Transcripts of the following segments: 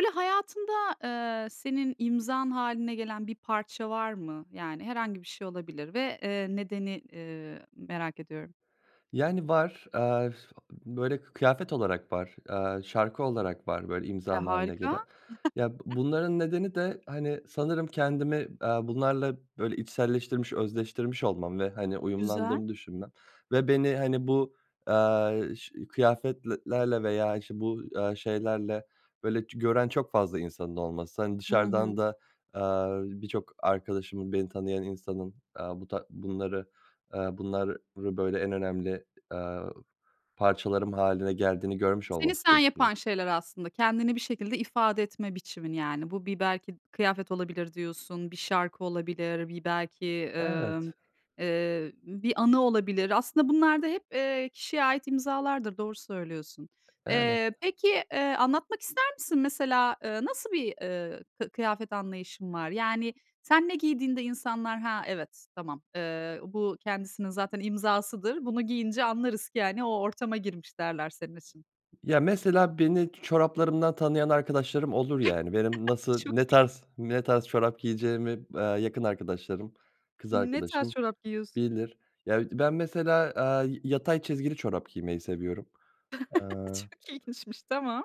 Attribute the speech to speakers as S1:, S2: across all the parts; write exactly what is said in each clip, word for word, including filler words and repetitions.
S1: Böyle, hayatında, eee, senin imzan hâline gelen bir parça var mı? Yani, herhangi bir şey olabilir ve, eee, nedeni, eee, merak ediyorum.
S2: Yani, var. Aaa, böyle, kı kıyafet olarak var, aaa, şarkı olarak var, böyle
S1: E,
S2: imzam hâline
S1: harika!
S2: gelen. Ya, bu bunların nedeni de, hani, sanırım kendimi, aaa, bunlarla böyle içselleştirmiş, özdeştirmiş olmam ve, hani,
S1: Güzel.
S2: uyumlandığımı düşünmem. Ve beni, hani, bu, aaa, ş kıyafetlelerle veya işte bu, aaa, şeylerle, böyle, ç gören çok fazla insanın olması. Hani,
S1: Hı
S2: dışarıdan
S1: hı.
S2: da, aaa, birçok arkadaşımın, beni tanıyan insanın, aaa, bu ta bunları aaa, bunlarrı böyle en önemli, aaa, parçalarım hâline geldiğini görmüş
S1: Seni
S2: olması
S1: sen
S2: [unintelligible]
S1: yapan şeyler aslında, kendini bir şekilde ifade etme biçimin yani. Bu bir belki kıyafet olabilir diyorsun, bir şarkı olabilir, bir belki, ımm,
S2: Evet.
S1: eee, bir anı olabilir. Aslında bunlar da hep, eee, kişiye ait imzalardır, doğru söylüyorsun.
S2: Evet.
S1: Eee, peki, eee, anlatmak ister misin? Mesela, ııı, nasıl bir, eee, kı kıyafet anlayışın var? Yani sen ne giydiğinde insanlar, "Ha, evet, tamam. Eee, bu kendisinin zaten imzasıdır, bunu giyince anlarız ki, hani, o ortama girmiş." derler senin için.
S2: Ya, mesela beni çoraplarımdan tanıyan arkadaşlarım olur, yani. Benim nasıl,
S1: Çok
S2: ne
S1: iyi.
S2: tarz ne tarz çorap giyeceğimi b aaa, yakın arkadaşlarım, kız
S1: Ne tarz
S2: arkadaşım
S1: çorap giyiyorsun?
S2: bilir. Ya, bir de ben mesela, aaa, y yatay çizgili çorap giymeyi seviyorum. Aaa
S1: Çok ilginçmiş, tamam.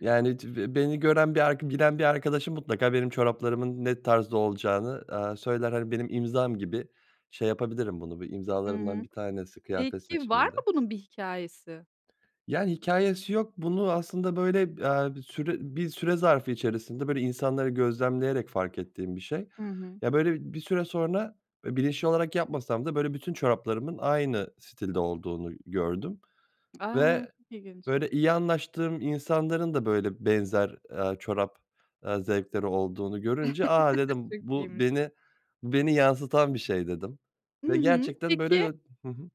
S2: Yani, cı beni gören bir arka bilen bir arkadaşım mutlaka benim çoraplarımın ne tarzda olacağını, aaa, söyler. Hani, benim imzam gibi şey yapabilirim bunu, bir
S1: Hı
S2: imzalarımdan
S1: hı.
S2: bir tanesi kıyafet
S1: Peki var mı
S2: seçimimde.
S1: bunun bir hikâyesi?
S2: Yani, hikâyesi yok. Bunu aslında, böyle, b aaa, bir süre bir süre zarfı içerisinde böyle insanları gözlemleyerek fark ettiğim bir şey.
S1: Hı hı.
S2: Ya, böyle, bir süre sonra, eee, bilinçli olarak yapmasam da, böyle, bütün çoraplarımın aynı stilde olduğunu gördüm
S1: A!
S2: ve
S1: Çok ilginç.
S2: böyle iyi anlaştığım insanların da böyle benzer, aaa, çorap, aaa, zevkleri olduğunu görünce, a, dedim
S1: Çok
S2: bu
S1: iyiymiş.
S2: beni bu beni yansıtan bir şey dedim
S1: Hı
S2: ve
S1: hı.
S2: gerçekten böyle
S1: Peki
S2: o Hı hı.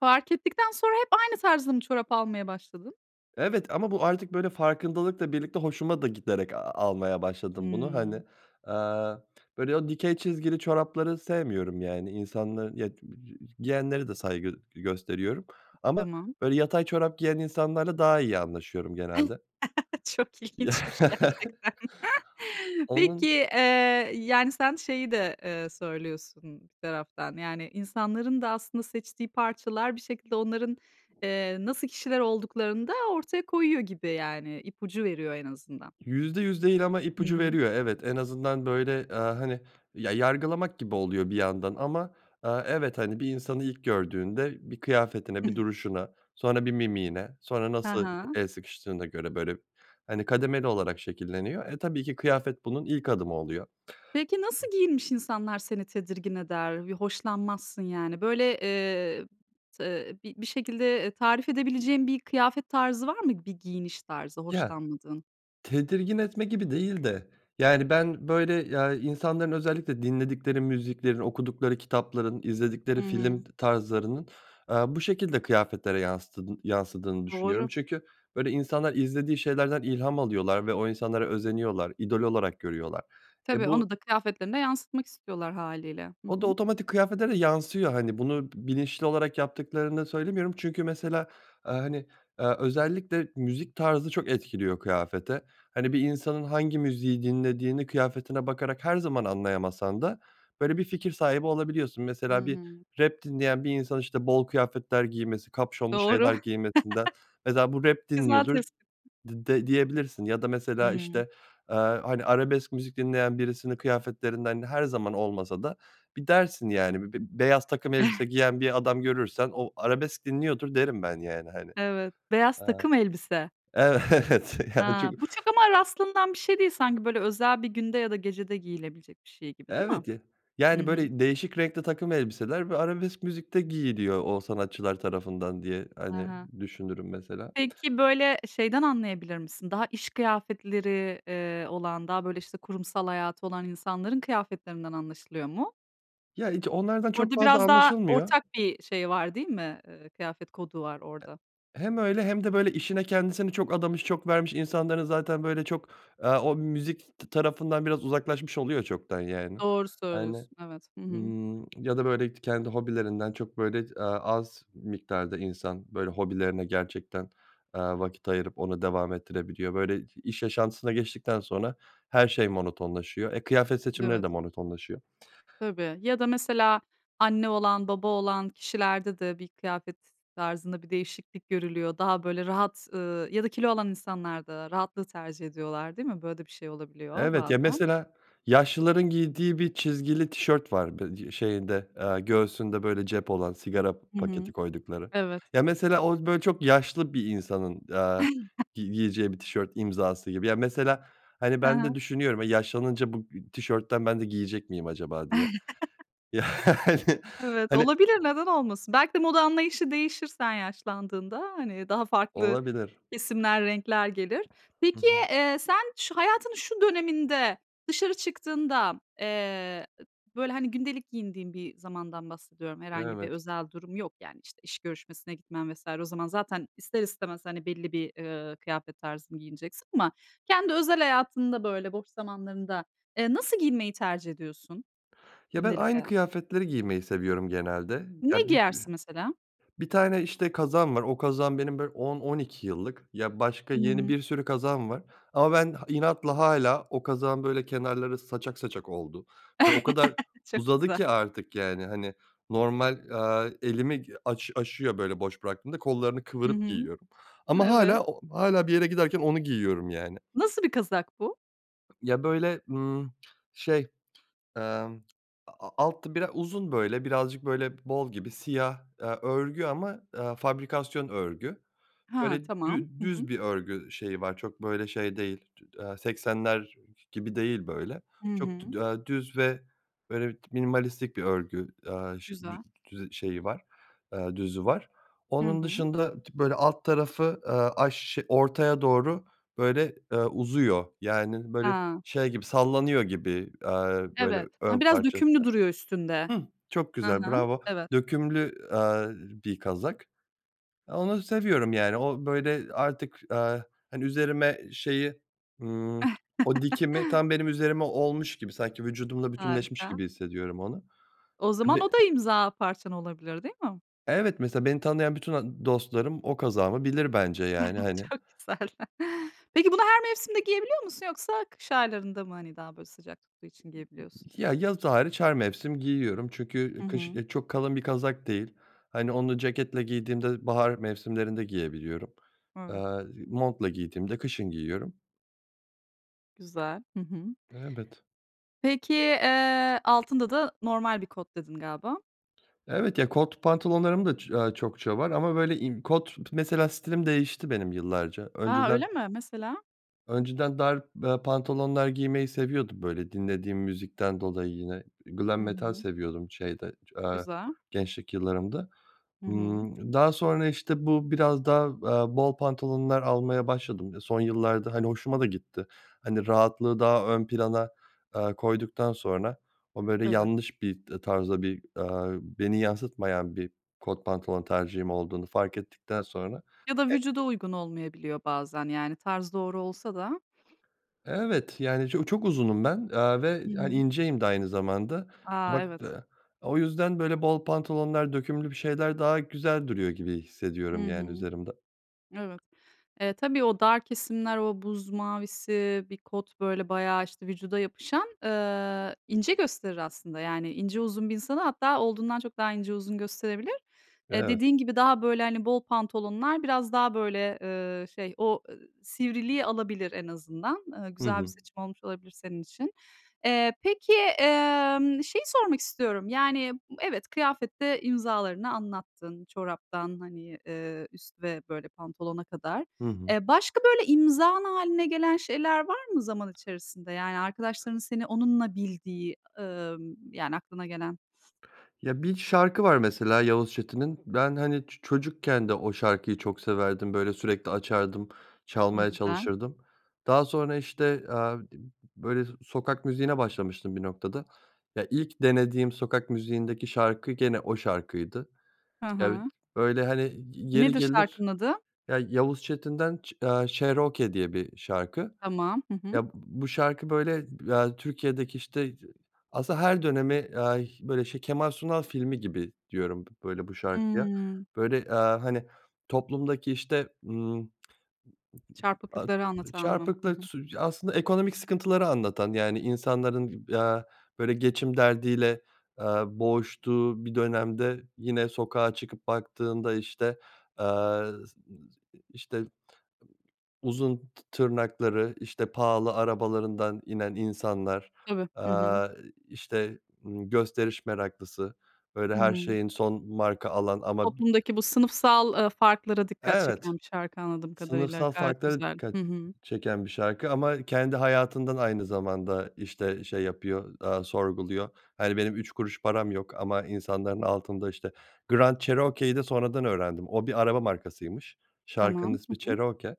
S1: Fark ettikten sonra hep aynı tarzda mı çorap almaya başladın?
S2: Evet ama bu artık böyle farkındalıkla birlikte hoşuma da giderek a almaya başladım bunu, hani.
S1: Hımm.
S2: Aaa, böyle, o dikey çizgili çorapları sevmiyorum yani. İnsanların, ya, giyenlere de saygı g gösteriyorum ama
S1: Tamam.
S2: böyle yatay çorap giyen insanlarla daha iyi anlaşıyorum genelde.
S1: Çok
S2: Ya
S1: ilginçmiş gerçekten. Peki,
S2: Onun
S1: eee, yani, sen şeyi de, eee, söylüyorsun bir taraftan, yani insanların da aslında seçtiği parçalar bir şekilde onların, eee, nasıl kişiler olduklarını da ortaya koyuyor gibi, yani, ipucu veriyor en azından.
S2: Yüzde yüz değil ama
S1: Hı
S2: ipucu
S1: hı.
S2: veriyor. Evet, en azından, böyle, aaa, hani, ya, yargılamak gibi oluyor bir yandan ama, aaa, evet, hani, bir insanı ilk gördüğünde bir kıyafetine, bir duruşuna, sonra bir mimiğine, sonra
S1: Ha
S2: nasıl e
S1: ha.
S2: el sıkıştığına göre böyle, hani, kademeli olarak şekilleniyor. E, tabii ki kıyafet bunun ilk adımı oluyor.
S1: Peki nasıl giyinmiş insanlar seni tedirgin eder? Bir hoşlanmazsın, yani, böyle, eee, tı, eee, bir bir şekilde, eee, tarif edebileceğin bir kıyafet tarzı var mı, bir giyiniş tarzı
S2: Ya,
S1: hoşlanmadığın?
S2: tedirgin etme gibi değil de yani ben, böyle, ya, insanların özellikle dinledikleri müziklerin, okudukları kitapların,
S1: Hı
S2: izledikleri film
S1: hı.
S2: tarzlarının, aaa, bu şekilde kıyafetlere yanstıdın yansıdığını düşünüyorum
S1: Doğru.
S2: çünkü böyle insanlar izlediği şeylerden ilham alıyorlar ve o insanlara özeniyorlar, idol olarak görüyorlar. E,
S1: Tabii,
S2: bu
S1: onu da kıyafetlerine yansıtmak istiyorlar hâliyle. Hı
S2: O da
S1: hı.
S2: otomatik kıyafete de yansıyor, hani, bunu bilinçli olarak yaptıklarını söylemiyorum. Çünkü mesela, aaa, hani, aaa, özellikle müzik tarzı çok etkiliyor kıyafete. Hani, bir insanın hangi müziği dinlediğini kıyafetine bakarak her zaman anlayamasan da böyle bir fikir sahibi olabiliyorsun.
S1: Hı
S2: Mesela bir
S1: hı.
S2: rap dinleyen bir insan, işte, bol kıyafetler giymesi, kapüşonlu
S1: Doğru.
S2: şeyler giymesinden, mesela bu rap
S1: Güzel
S2: dinliyordur
S1: tespit.
S2: dı d diyebilirsin ya da mesela,
S1: Hıı.
S2: işte, aaa, hani, arabesk müzik dinleyen birisinin kıyafetlerinden -her zaman olmasa da bir dersin, yani, bi b beyaz takım elbise giyen bir adam görürsen o arabesk dinliyordur derim ben yani, hani.
S1: Evet. Beyaz
S2: Aaa
S1: takım elbise.
S2: Evet, yani
S1: A!
S2: çünkü
S1: Bu çok ama rastlanan bir şey değil sanki, böyle özel bir günde ya da gecede giyilebilecek bir şey gibi, değil mi?
S2: Evet, ya
S1: Hı
S2: Yani
S1: hı.
S2: böyle değişik renkte takım elbiseler bö arabesk müzikte giyiliyor o sanatçılar tarafından diye,
S1: Hı
S2: hani,
S1: hı.
S2: düşünürüm mesela.
S1: Peki, böyle, şeyden anlayabilir misin, daha iş kıyafetleri, eee, olan daha böyle, işte, kurumsal hayatı olan insanların kıyafetlerinden anlaşılıyor mu?
S2: Ya ic onlardan çok
S1: Orada
S2: fazla
S1: biraz daha
S2: anlaşılmıyor.
S1: ortak bir şey var değil mi, eee, kıyafet kodu var,
S2: E
S1: orada?
S2: hem öyle hem de böyle işine kendisini çok adamış, çok vermiş insanların zaten böyle çok, eee, o müzik t tarafından biraz uzaklaşmış oluyor çoktan. Yani
S1: Doğru
S2: [unintelligible]
S1: söylüyorsun. Evet. Hı hı.
S2: ımm, ya da böyle k kendi hobilerinden çok böyle ç eee, az miktarda insan, böyle, hobilerine gerçekten, eee, vakit ayırıp onu devam ettirebiliyor. Böyle i iş yaşantısına geçtikten sonra, her şey monotonlaşıyor. E, kıyafet seçimleri
S1: Evet.
S2: de monotonlaşıyor.
S1: Tabii. Ya da mesela, anne olan, baba olan kişilerde de bir kıyafet tarzında bir değişiklik görülüyor. Daha böyle rahat, ııı, ya da kilo olan insanlar da rahatlığı tercih ediyorlar değil mi? Böyle de bir şey olabiliyor
S2: Evet ya,
S1: bazen.
S2: mesela, yaşlıların giydiği bir çizgili tişört var. Bı d şeyinde, eee, göğsünde böyle, cep olan, sigara
S1: Hı
S2: paketi
S1: hı.
S2: koydukları
S1: Evet.
S2: ya, mesela o böyle çok yaşlı bir insanın, eee, gi giyeceği bir tişört imzası gibi. Ya, mesela, hani,
S1: Ha
S2: ben de
S1: ha.
S2: düşünüyorum, e, yaşlanınca bu ı tişörtten ben de giyecek miyim acaba diye. Yani,
S1: Evet.
S2: hani
S1: Olabilir, neden olmasın? Belki de moda anlayışı değişir sen yaşlandığında, hani, daha farklı
S2: Olabilir.
S1: kesimler, renkler gelir.
S2: Hı hı.
S1: Peki, eee, sen, şu hayatının şu döneminde, dışarı çıktığında, eee, ı böyle, hani, gündelik giyindiğin bir zamandan bahsediyorum. Herhangi bir
S2: Evet.
S1: özel durum yok, yani, işte, iş görüşmesine gitmen vs. o zaman zaten ister istemez, hani, belli bir, eee, kıyafet tarzını giyineceksin ama kendi özel hayatında, böyle boş zamanlarında, eee, nasıl giyinmeyi tercih ediyorsun
S2: Ya, ben
S1: gündelik
S2: aynı
S1: hayatta?
S2: kıyafetleri giymeyi seviyorum genelde.
S1: Ne
S2: Ya, bü
S1: giyersin mesela?
S2: bir tane, işte, kazağım var. O kazağım benim böyle on on iki yıllık. Ya, başka yeni
S1: Hımm.
S2: bir sürü kazağım var ama ben ha inatla hâlâ. O kazağın böyle kenarları saçak saçak oldu ve o kadar
S1: Çok
S2: uzadı
S1: güzel.
S2: ki artık, yani, hani, normal, eee, elimi aş aşıyor böyle boş bıraktığımda. Kollarını
S1: Hı
S2: kıvırıp
S1: hı.
S2: giyiyorum ama
S1: Evet.
S2: hâlâ o hâlâ bir yere giderken onu giyiyorum, yani.
S1: Nasıl bir kazak bu?
S2: Ya, böyle, ımm, şey, eee, aaa, a alt biraz uzun böyle, birazcık böyle bol gibi siyah, eee, örgü ama, eee, fabrikasyon örgü.
S1: He,
S2: Böyle
S1: tamam,
S2: dü
S1: hı
S2: düz
S1: hı.
S2: bir örgü şeyi var, çok böyle şey değil, tü eee, seksenler gibi değil böyle.
S1: Hı
S2: Çok
S1: hı.
S2: dü eee, düz ve böyle bir minimalistik bir örgü, aaa, şeyi dü
S1: Güzel.
S2: dü şeyi var, eee, düzü var.
S1: Hı
S2: Onun
S1: hı.
S2: dışında t böyle alt tarafı, eee, aş ş ortaya doğru böyle, eee, uzuyor, yani, böyle
S1: He.
S2: şey gibi, sallanıyor gibi, eee, böyle
S1: Evet. Ha,
S2: ön
S1: biraz
S2: parçası.
S1: dökümlü duruyor üstünde.
S2: Hıh, çok
S1: Hı
S2: güzel
S1: hı,
S2: bravo,
S1: evet.
S2: dökümlü, eee, bir kazak. Onu seviyorum, yani, o böyle artık, eee, hani üzerime şeyi, ımm, o dikimi tam benim üzerime olmuş gibi sanki vücudumla bütünleşmiş
S1: Harika.
S2: gibi hissediyorum onu.
S1: O
S2: E
S1: zaman,
S2: be
S1: o da imza parçan olabilir, değil mi?
S2: Evet mesela beni tanıyan bütün a dostlarım, o kazağımı bilir bence yani hani.
S1: Çok güzel. Peki, bunu her mevsimde giyebiliyor musun yoksa kış aylarında mı hani daha böyle sıcak tuttuğu için giyebiliyorsun?
S2: Ya, yaz hariç, her mevsim giyiyorum çünkü
S1: Hı
S2: kış,
S1: hı.
S2: eee, çok kalın bir kazak değil, hani, onu ceketle giydiğimde bahar mevsimlerinde giyebiliyorum,
S1: Evet.
S2: eee, montla giydiğimde kışın giyiyorum.
S1: Güzel, hı hı.
S2: Evet.
S1: Peki, eee, "Altında da normal bir kot." dedin galiba.
S2: Evet ya, kot pantolonlarım da, ç aaa, çokça var ama böyle in kot Mesela stilim değişti, benim yıllarca
S1: A, öyle
S2: önceden
S1: mi? Mesela?
S2: önceden dar, eee, pantolonlar giymeyi seviyordum böyle dinlediğim müzikten dolayı yine. Glam
S1: Hı
S2: Metal
S1: hı.
S2: seviyordum şeyde, eee,
S1: Güzel.
S2: gençlik yıllarımda.
S1: Hı hı.
S2: Imm, daha sonra, işte, bu biraz daha, eee, bol pantolonlar almaya başladım son yıllarda hani hoşuma da gitti. Hani rahatlığı daha ön plana, eee, koyduktan sonra, o böyle
S1: Evet.
S2: yanlış bir, eee, tarzda bir, aaa, beni yansıtmayan bir kot pantolon tercihim olduğunu fark ettikten sonra.
S1: Ya da
S2: E
S1: vücuda uygun olmayabiliyor, bazen yani tarz doğru olsa da.
S2: Evet, yani ço çok uzunum ben, eee, ve
S1: Hı
S2: hani
S1: hı.
S2: inceyim de aynı zamanda.
S1: A,
S2: Bak,
S1: evet.
S2: eee, o yüzden böyle bol pantolonlar, dökümlü bir şeyler, daha güzel duruyor gibi hissediyorum
S1: Hı
S2: yani
S1: hı.
S2: üzerimde.
S1: Evet. E, tabii o dar kesimler, o buz mavisi bir kot böyle bayağı, işte, vücuda yapışan, eee, ince gösterir aslında yani ince, uzun bir insanı hatta olduğundan çok daha ince, uzun gösterebilir. Eee,
S2: Evet.
S1: dediğin gibi daha, böyle, hani bol pantolonlar biraz daha böyle, eee, şey o e sivriliği alabilir en azından. Eee,
S2: Hı
S1: güzel bir
S2: hı.
S1: seçim olmuş olabilir senin için. Eee, peki, emm, şeyi sormak istiyorum yani, evet, kıyafette imzalarını anlattın, çoraptan, hani, eee, üst ve böyle pantolona kadar.
S2: Hı hı.
S1: E, başka böyle, imzan haline gelen şeyler var mı zaman içerisinde? Yani, arkadaşlarının seni onunla bildiği, ımm, yani aklına gelen?
S2: Ya, bir şarkı var mesela Yavuz Çetin'in. Ben hani ço çocukken de o şarkıyı çok severdim. Böyle sürekli açardım,
S1: I
S2: çalmaya
S1: güzel.
S2: çalışırdım. Daha sonra işte, aaa, d böyle sokak müziğine başlamıştım bir noktada. Ya, ilk denediğim sokak müziğindeki şarkı gene o şarkıydı.
S1: Hı
S2: Ya, i
S1: hı.
S2: öyle hani, yeri
S1: Nedir
S2: gelir
S1: şarkının adı?
S2: Ya, Yavuz Çetin'den çe aaa, "Cherokee" diye bir şarkı.
S1: Tamam. Hı hı.
S2: Ya, b bu şarkı böyle ba Türkiye'deki, işte, z aslında her dönemi, eee, böyle, şey, Kemal Sunal filmi gibi diyorum b böyle bu şarkıya.
S1: Hıı.
S2: Böyle, eee, hani, toplumdaki işte, ımm A
S1: Çarpıklıkları anlatan mı? Hı
S2: çarpıklık
S1: hı.
S2: sü aslında ekonomik sıkıntıları anlatan, yani, insanların, eee, böyle geçim derdiyle, eee, boğuştuğu bir dönemde, yine sokağa çıkıp baktığında işte, aaa, s ı s işte uzun tı tırnakları, işte, pahalı arabalarından inen insanlar,
S1: Tabii.
S2: eee,
S1: Hı hı.
S2: i işte, ımm, gösteriş meraklısı, böyle,
S1: Hı
S2: her
S1: hı.
S2: şeyin son marka alan ama b
S1: Toplumdaki bu sınıfsal, eee, farklara dikkat
S2: Evet.
S1: çeken bir şarkı anladığım kadarıyla.
S2: Sınıfsal
S1: Gayet
S2: farklara
S1: güzel.
S2: dikkat
S1: Hı hı.
S2: ç çeken bir şarkı ama kendi hayatından aynı zamanda, işte, şey yapıyor, eee, sorguluyor. Hani, benim üç kuruş param yok ama insanların altında, işte Grand Cherokee'yi de sonradan öğrendim. O bir araba markasıymış. Şarkının
S1: Tamam. Hı
S2: ismi
S1: hı.
S2: Cherokee.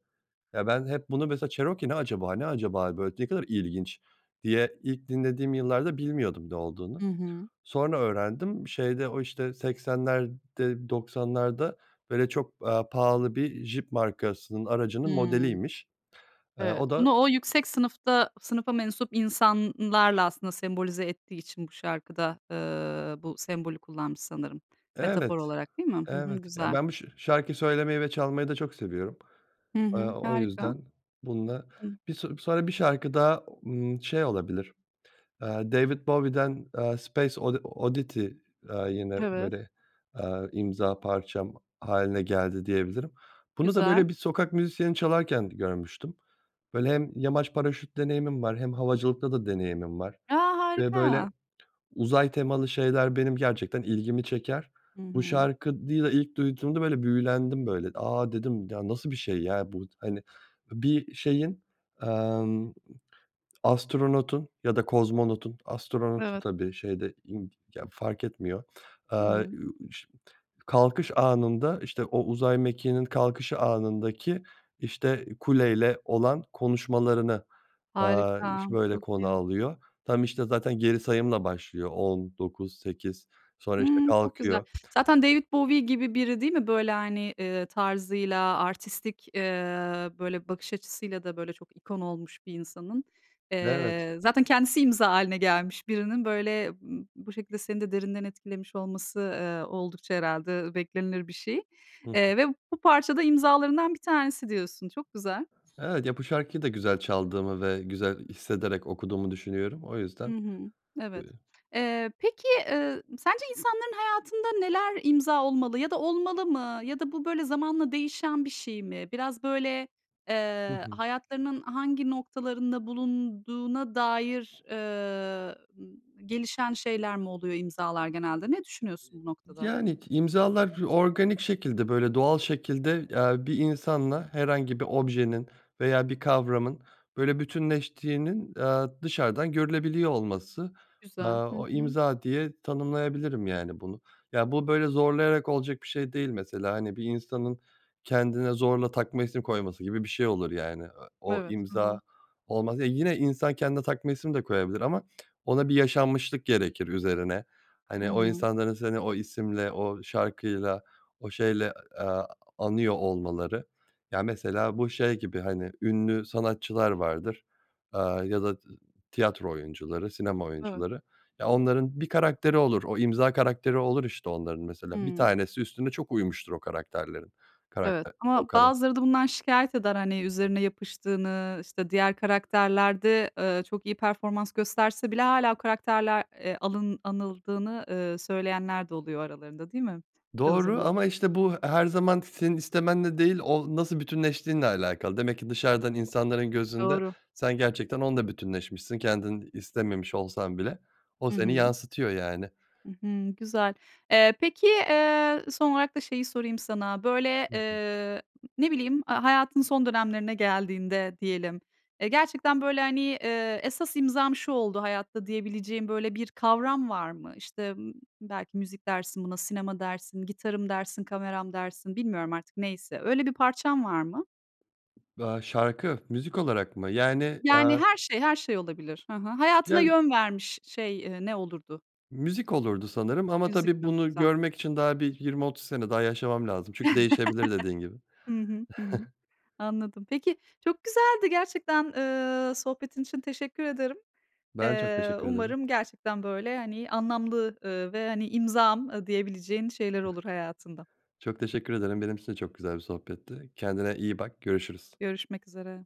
S2: Eee, ben hep bunu mesela "Cherokee ne acaba, ne acaba böyle? Ne kadar ilginç." diye, ilk dinlediğim yıllarda bilmiyordum ne olduğunu.
S1: Hı hı.
S2: Sonra öğrendim, şeyde o işte seksenlerde, doksanlarda böyle çok, eee, pahalı bir Jeep markasının, aracının
S1: Hıı.
S2: modeliymiş. Eee,
S1: Evet.
S2: o da
S1: Bunu o yüksek sınıfta sınıfa mensup insanlarla aslında sembolize ettiği için bu şarkıda, eee, bu sembolü kullanmış sanırım,
S2: Evet,
S1: metafor olarak, değil mi? Hı hı,
S2: evet. Ya,
S1: güzel.
S2: ben bu şa şarkıyı söylemeyi ve çalmayı da çok seviyorum.
S1: Hı
S2: Eee,
S1: hı.
S2: o
S1: Harika.
S2: yüzden bununla.
S1: Hı.
S2: Bi so sonra bir şarkı daha, ımm, şey olabilir, eee, David Bowie'den, eee, Space Odi Oddity, eee, yine
S1: Evet.
S2: böyle, eee, imza parçam hâline geldi diyebilirim. Bunu da
S1: Güzel.
S2: böyle bir sokak müzisyeni çalarken görmüştüm. Böyle, hem yamaç paraşüt deneyimim var hem havacılıkta da deneyimim var
S1: A,
S2: ve böyle
S1: harika!
S2: uzay temalı şeyler benim gerçekten ilgimi çeker.
S1: Hı
S2: Bu
S1: hı.
S2: şarkıyı da ilk duyduğumda, böyle, büyülendim böyle. "A," dedim "ya, nasıl bir şey ya bu?" Hani, bir şeyin, emm, astronotun ya da kozmonotun, astronotun
S1: Evet.
S2: tabii şey de ind ya, fark etmiyor.
S1: Hı
S2: Eee,
S1: hı.
S2: ü şim kalkış anında, işte, o uzay mekiğinin kalkışı anındaki, işte, kuleyle olan konuşmalarını, eee,
S1: Harika,
S2: ş böyle
S1: çok
S2: konu
S1: iyi.
S2: alıyor. Tam, işte, zaten geri sayımla başlıyor on dokuz sekiz sonra, işte,
S1: Hıı, çok güzel.
S2: kalkıyor.
S1: Zaten David Bowie gibi biri değil mi böyle, hani, eee, tarzıyla, artistik, eee, böyle bakış açısıyla da, böyle, çok ikon olmuş bir insanın,
S2: Evet.
S1: eee, zaten kendisi imza haline gelmiş birinin, böyle b bu şekilde seni de derinden etkilemiş olması, eee, oldukça herhalde beklenilir bir şey.
S2: Hı hı.
S1: Eee, ve bu parça da imzalarından bir tanesi diyorsun. Çok güzel.
S2: Evet ya, bu şarkıyı da güzel çaldığımı ve güzel hissederek okuduğumu düşünüyorum o
S1: Hı
S2: yüzden
S1: hı. Evet. Eee, peki, eee, sence insanların hayatında neler imza olmalı ya da olmalı mı ya da bu böyle zamanla değişen bir şey mi? Biraz böyle,
S2: Hı
S1: eee,
S2: hı.
S1: hayatlarının hangi noktalarında bulunduğuna dair, eee, gelişen şeyler mi oluyor imzalar genelde? Ne düşünüyorsun bu noktada?
S2: Yani k imzalar organik şekilde, böyle doğal şekilde, eee, bir insanla herhangi bir objenin veya bir kavramın böyle bütünleştiğinin, eee, dışarıdan görülebiliyor olması. Eee,
S1: Güzel. Hı
S2: o
S1: hı.
S2: imza diye tanımlayabilirim yani bunu. Ya, bu böyle zorlayarak olacak bir şey değil mesela, hani, bir insanın kendine zorla takma isim koyması gibi bir şey olur yani. E o
S1: Evet, hı
S2: imza
S1: hı.
S2: olmaz. Ya, yine insan kendine takma isim de koyabilir ama ona bir yaşanmışlık gerekir üzerine.
S1: Hı
S2: Hani o
S1: hı.
S2: insanların seni o isimle, o şarkıyla, o şeyle, eee, anıyor olmaları. Ya, mesela bu şey gibi hani, ünlü sanatçılar vardır, aaa, ya da t tiyatro oyuncuları, sinema
S1: Evet.
S2: oyuncuları. Ya, onların bir karakteri olur, o imza karakteri olur işte onların mesela. Bir
S1: Hıı.
S2: tanesi üstüne çok uymuştur o karakterlerin.
S1: Evet
S2: Karakter, o
S1: ama
S2: kara
S1: bazıları da bundan şikâyet eder, hani, üzerine yapıştığını, işte, diğer karakterlerde, eee, çok iyi performans gösterse bile hâlâ o karakterle, eee, alın anıldığını, eee, söyleyenler de oluyor aralarında değil mi çoğu
S2: Doğru
S1: zaman?
S2: ama işte bu her zaman senin istemenle değil o nasıl bütünleştiğinle alakalı. Demek ki dışarıdan insanların gözünde
S1: Doğru.
S2: sen gerçekten onunla bütünleşmişsin kendin istememiş olsan bile. O
S1: Hı
S2: seni
S1: hı.
S2: yansıtıyor yani.
S1: Hı hı, güzel. Eee, peki, eee, son olarak da şeyi sorayım sana: Böyle,
S2: Hı hı.
S1: eee, ne bileyim, eee, hayatın son dönemlerine geldiğinde diyelim, eee, gerçekten böyle, hani, eee, esas imzam şu oldu hayatta diyebileceğin böyle, bir kavram var mı? İşte, ımm, belki müzik dersin buna, sinema dersin, gitarım dersin, kameram dersin, bilmiyorum artık neyse. Öyle bir parçan var mı?
S2: Be Şarkı? Müzik olarak mı? Yani,
S1: Yani
S2: eee
S1: her şey, her şey olabilir. Hı hı. Hayatına
S2: Ya, üz
S1: yön vermiş şey, eee, ne olurdu?
S2: Müzik olurdu sanırım ama
S1: Müzik
S2: tabii
S1: mi?
S2: bunu
S1: Güzel.
S2: görmek için daha bir yirmi otuz sene daha yaşamam lazım. Çünkü değişebilir dediğin gibi.
S1: Hı hı, hı hı, anladım. Peki, çok güzeldi gerçekten, eee, sohbetin için teşekkür ederim.
S2: Ben çok
S1: Eee,
S2: teşekkür ederim.
S1: umarım gerçekten böyle, hani, anlamlı, ııı, ve hani "imzam" diyebileceğin şeyler
S2: Eh
S1: olur hayatında.
S2: Çok teşekkür ederim. Benim için de çok güzel bir sohbetti. Kendine iyi bak, görüşürüz.
S1: Görüşmek üzere.